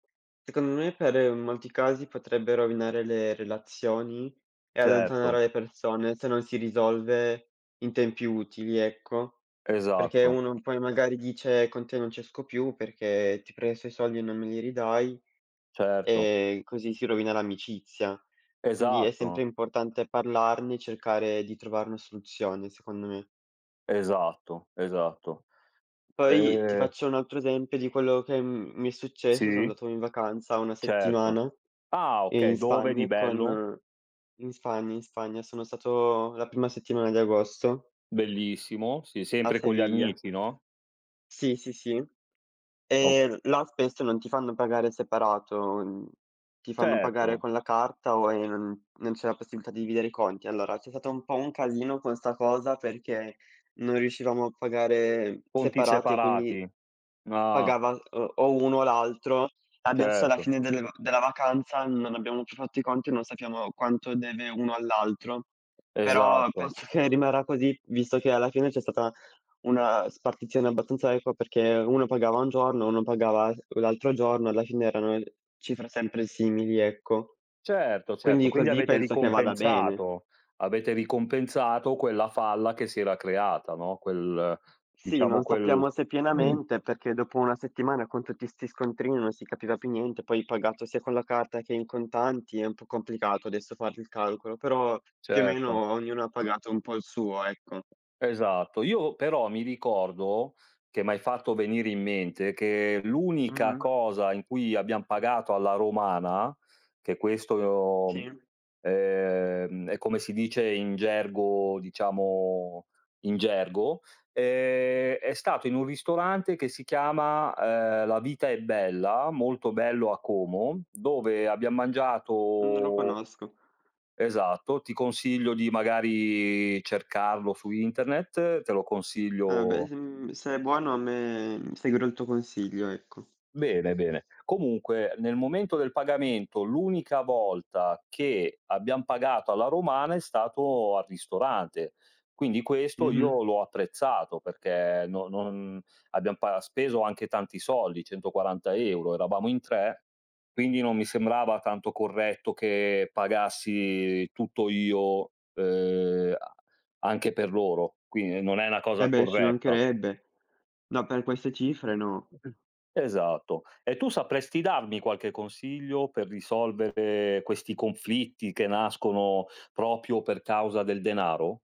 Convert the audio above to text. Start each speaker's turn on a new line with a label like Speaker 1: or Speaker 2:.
Speaker 1: Secondo me per molti casi potrebbe rovinare le relazioni e allontanare
Speaker 2: Certo.
Speaker 1: le persone se non si risolve in tempi utili, ecco, perché
Speaker 2: Esatto.
Speaker 1: uno poi magari dice: "Con te non ci esco più perché ti presto i soldi e non me li ridai",
Speaker 2: Certo.
Speaker 1: e così si rovina l'amicizia. Quindi è sempre
Speaker 2: Esatto.
Speaker 1: importante parlarne e cercare di trovar na soluzione, secondo me.
Speaker 2: Esatto, esatto.
Speaker 1: Poi ti
Speaker 2: Ehm
Speaker 1: faccio un altro esempio di quello che m mi è successo. Sono
Speaker 2: Sì.
Speaker 1: andato in vacanza 1
Speaker 2: Certo.
Speaker 1: settimana,
Speaker 2: Ah, okay,
Speaker 1: in
Speaker 2: dove di
Speaker 1: Spagna
Speaker 2: bello?
Speaker 1: con in Spagna, in Spagna, sono stato la prima settimana di agosto
Speaker 2: Bellissimo. Sì,
Speaker 1: a
Speaker 2: sempre con gli
Speaker 1: Sevilla.
Speaker 2: amici, no?
Speaker 1: Sì, sì, sì.
Speaker 2: O
Speaker 1: E l là spesso non ti fanno pagare separato. Mhmm, ti fanno pagare
Speaker 2: Certo.
Speaker 1: con la carta o ehm, non c'è la possibilità di dividere i conti. Allora c'è stato un po' un casino con 'sta cosa perché non riuscivamo a pagare
Speaker 2: Conti
Speaker 1: separati e quindi
Speaker 2: separati. Ah.
Speaker 1: pagava, uhm, o uno o l'altro. Adesso alla
Speaker 2: Certo.
Speaker 1: fine delle va della vacanza non abbiamo più fatto i conti, non sappiamo quanto deve uno all'altro. Però
Speaker 2: Esatto.
Speaker 1: penso che rimarrà così, visto che alla fine c'è stata una spartizione abbastanza equa perché uno pagava un giorno, uno pagava s l'altro giorno, alla fine erano cifre sempre simili, ecco.
Speaker 2: Certo, certo.
Speaker 1: Quindi
Speaker 2: Quindi
Speaker 1: così
Speaker 2: avete
Speaker 1: penso che vada bene.
Speaker 2: ricompensato, avete ricompensato quella falla che si era creata, no, quel
Speaker 1: Sì,
Speaker 2: diciamo
Speaker 1: non
Speaker 2: quel
Speaker 1: sappiamo se pienamente, perché dopo 1 settimana con tutti 'sti scontrini non si capiva più niente. Poi pagato sia con la carta che in contanti è un po' complicato adesso fare il calcolo, però più o
Speaker 2: Certo.
Speaker 1: meno ognuno ha pagato un po' il suo, ecco.
Speaker 2: Esatto. Io però mi ricordo, che m'hai fatto venire in mente, che l'unica
Speaker 1: Mh-mh.
Speaker 2: cosa in cui abbiam pagato alla romana, che questo lo mhmm,
Speaker 1: Sì.
Speaker 2: ehm, è come si dice in gergo, diciamo in gergo, ehm, è stato in un ristorante che si chiama, ehm, La Vita è Bella, molto bello a Como, dove abbiam
Speaker 1: Mhmm, non lo
Speaker 2: mangiato
Speaker 1: conosco.
Speaker 2: Esatto, ti consiglio di magari cercarlo su internet, te lo
Speaker 1: Ah beh,
Speaker 2: consiglio
Speaker 1: mhmm, se è buono a me mhmm, seguirò il tuo consiglio, ecco.
Speaker 2: Bene, bene. Comunque nel momento del pagamento, l'unica volta che abbiam pagato alla romana è stato al ristorante. Quindi questo
Speaker 1: Mh-mh.
Speaker 2: io l'ho apprezzato perché no non abbiamo pa speso anche tanti soldi, 140€, eravamo in tre, quindi non mi sembrava tanto corretto che pagassi tutto io, uhm, a anche per loro. Quindi non è una
Speaker 1: Eh
Speaker 2: cosa
Speaker 1: beh, ci
Speaker 2: corretta.
Speaker 1: mancherebbe. No, per queste cifre no.
Speaker 2: Esatto. E tu sapresti darmi qualche consiglio per risolvere questi conflitti che nascono proprio per causa del denaro?